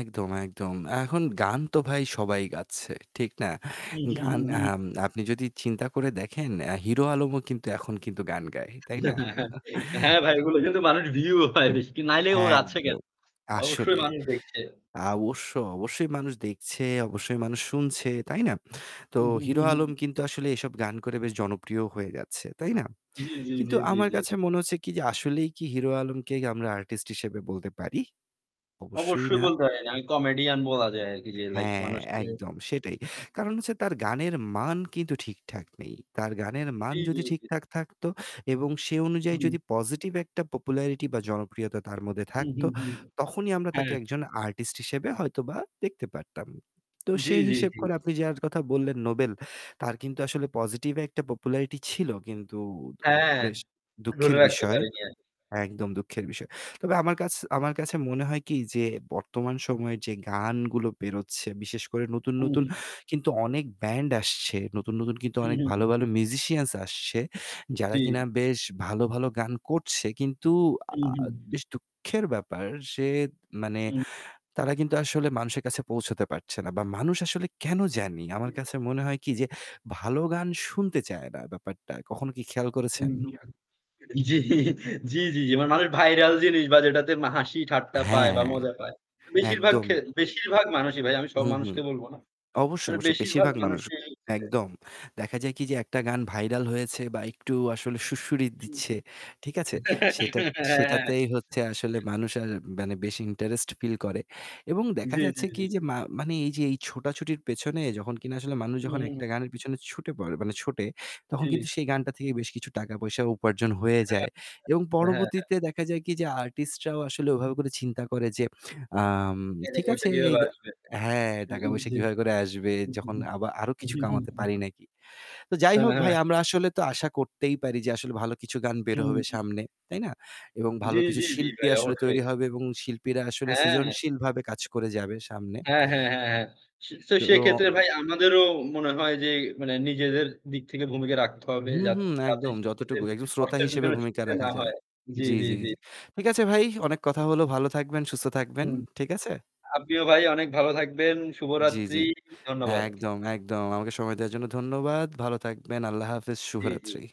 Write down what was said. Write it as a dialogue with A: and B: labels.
A: একদম, একদম। এখন গান তো ভাই সবাই গাচ্ছে। ঠিক না? গান
B: [unintelligible]
A: আম আপনি যদি চিন্তা করে দেখেন, অ্যা হিরো আলমও কিন্তু এখন কিন্তু গান গায়, তাই না?
B: হ্যাঁ ভাই ওগুলো কিন্তু মানুষের view হয় বেশি। নাইলে ও যাচ্ছে কেন?
A: একদম।
B: অবশ্যই
A: আসলেই
B: মানুষ দেখছে।
A: অবশ্যই, অবশ্যই মানুষ দেখছে, অবশ্যই মানুষ শুনছে। তাই না? তো
B: হুম, হুম,
A: হিরো
B: হুম,
A: আলম
B: হুম।
A: কিন্তু আসলে এসব গান করে বেশ জনপ্রিয় হয়ে গেছে। তাই না?
B: জ্বী, জ্বী,
A: কিন্তু
B: জ্বী, জ্বী,
A: আমার
B: জ্বী।
A: কাছে মনে হচ্ছে কি যে আসলেই কি হিরো আলমকে আমরা artist হিসেবে বলতে পারি? অবশ্যই
B: অবশ্যই
A: না।
B: বলতে হয় না। আমি comedian বলা যায় আরকি যে লাইক
A: হ্যাঁ,
B: মানুষকে
A: একদম সেটাই। কারণ হচ্ছে তার গানের মান কিন্তু ঠিকঠাক নেই। তার গানের মান
B: জ্বী, জ্বী,
A: যদি
B: জ্বী।
A: ঠিকঠাক থাকতো এবং সে অনুযায়ী
B: হুম।
A: যদি পজিটিভ একটা পপুলারিটি বা জনপ্রিয়তা তার মধ্যে
B: হুম,
A: থাকতো
B: হুম, হুম।
A: তখনই আমরা তাকে
B: হ্যাঁ।
A: একজন artist হিসেবে হয়তোবা দেখতে পারতাম। তো
B: জ্বী,
A: সেই
B: জ্বী,
A: হিসেব
B: জ্বী,
A: করে
B: জ্বী।
A: আপনি যার কথা বললেন নোবেল তার কিন্তু আসলে পজিটিভ একটা popularity ছিল কিন্তু
B: হ্যাঁ,
A: বেশ
B: ধরে
A: দুঃখের
B: রাখতে
A: বিষয়।
B: পারিনি আরকি।
A: একদম দুঃখের বিষয়। তবে আমার আমার কাছ কাছে মনে হয় কি যে বর্তমান সময়ের যে গানগুলো বেরোচ্ছে, বিশেষ করে নতুন,
B: হুম।
A: নতুন
B: জ্বী, জ্বী।
A: কিন্তু অনেক band আসছে, নতুন, নতুন কিন্তু
B: হুম,
A: অনেক
B: হুম,
A: ভালো,
B: হুম।
A: ভালো musicians আসছে। যারা
B: জ্বী।
A: কিনা বেশ ভালো, ভালো গান করছে। কিন্তু
B: হুম,
A: আ
B: হুম।
A: বেশ দুঃখের ব্যাপার যে মানে
B: হুম।
A: তারা কিন্তু আসলে মানুষের কাছে পৌঁছতে পারছে না। বা মানুষ আসলে কেন জানি, আমার কাছে মনে হয় কি যে ভালো গান শুনতে চায় না ব্যাপারটা। কখনো কি খেয়াল করেছেন?
B: [unintelligible] জ্বি, জ্বি, জ্বি, জ্বি। মানে মানুষ viral জিনিস বা যেটাতে হাসি ঠাট্টা পায় বা
A: হ্যাঁ,
B: মজা পায়। বেশিরভাগ
A: একদম।
B: খে বেশিরভাগ মানুষই ভাই। আমি সব
A: হুম, হুম।
B: মানুষকে বলবো না।
A: অবশ্যই,
B: মানে
A: অবশ্যই
B: বেশিরভাগ
A: বেশিরভাগ মানুষ।
B: মানুষই যে
A: একদম। দেখা যায় কি যে একটা গান viral হয়েছে বা একটু আসলে সুড়সুড়ি
B: হু, হু।
A: দিচ্ছে। ঠিক আছে? সেটাত
B: হ্যাঁ, হ্যাঁ।
A: সেটাতেই হচ্ছে আসলে
B: [unintelligible]
A: মানুষ আর মানে বেশি ইন্টারেস্ট ফিল করে। এবং দেখা
B: জ্বী, জ্বী,
A: যাচ্ছে কি
B: জ্বী।
A: যে মা মানে এই যে এই ছোটাছুটির পেছনে যখন কিনা আসলে মানুষ
B: হুম,
A: যখন
B: হুম।
A: একটা গানের পেছনে ছুটে পড়ে মানে ছোটে তখন
B: ঠিক।
A: কিন্তু সেই গানটা থেকে বেশ কিছু টাকা পয়সা উপার্জন হয়ে
B: হ্যাঁ।
A: যায়। এবং
B: হ্যাঁ, হ্যাঁ, হ্যাঁ।
A: পরবর্তীতে দেখা যায় কি যে artist রাও আসলে ওভাবে করে চিন্তা করে যে আম
B: এখানে
A: ঠিক
B: বসে
A: আছে এই
B: কিভাবে আসবে?
A: হ্যাঁ
B: হু, হু,
A: টাকা-পয়সা
B: জী।
A: কিভাবে করে আসবে? যখন আবা আরো কিছু কামাতে পারি নাকি? তো যাই
B: হ্যাঁ,
A: হোক
B: হ্যাঁ,
A: ভাই
B: হ্যাঁ।
A: আমরা আসলে তো আশা করতেই পারি যে আসলে ভালো কিছু গান বের
B: হুম,
A: হবে
B: হুম, হুম।
A: সামনে। তাই না? এবং ভালো
B: জ্বী,
A: কিছু
B: জ্বী, জ্বী
A: শিল্পী
B: ভাই
A: আসলে
B: অবশ্যই।
A: তৈরি হবে এবং শিল্পীরা আসলে
B: হ্যাঁ।
A: সৃজনশীলভাবে কাজ করে যাবে সামনে।
B: হ্যাঁ, হ্যাঁ, হ্যাঁ, হ্যাঁ। সে
A: তো
B: সেক্ষেত্রে ভাই আমাদেরও মনে হয় যে মানে নিজেদের দিক থেকে ভূমিকা রাখতে হবে
A: হুম,
B: যাতে
A: হুম একদম যতটুকু
B: [unintelligible]
A: একদম শ্রোতা
B: অর্থের
A: হিসেবে
B: পিছনে
A: ভূমিকা
B: ছুটতে
A: রাখা
B: না
A: যায়।
B: হয়। জ্বী,
A: জ্বি,
B: জ্বী,
A: জ্বি,
B: জ্বী।
A: জ্বি। ঠিক আছে ভাই, অনেক কথা হলো, ভালো থাকবেন, সুস্থ থাকবেন।
B: হুম।
A: ঠিক আছে?
B: আপনিও ভাই অনেক ভালো থাকবেন।
A: জ্বি,
B: শুভরাত্রি।
A: জ্বি।
B: ধন্যবাদ।
A: একদম, একদম আমাকে সময় দেওয়ার জন্য ধন্যবাদ। ভালো থাকবেন। আল্লাহ হাফেজ।
B: জ্বী, জ্বী।
A: শুভরাত্রি।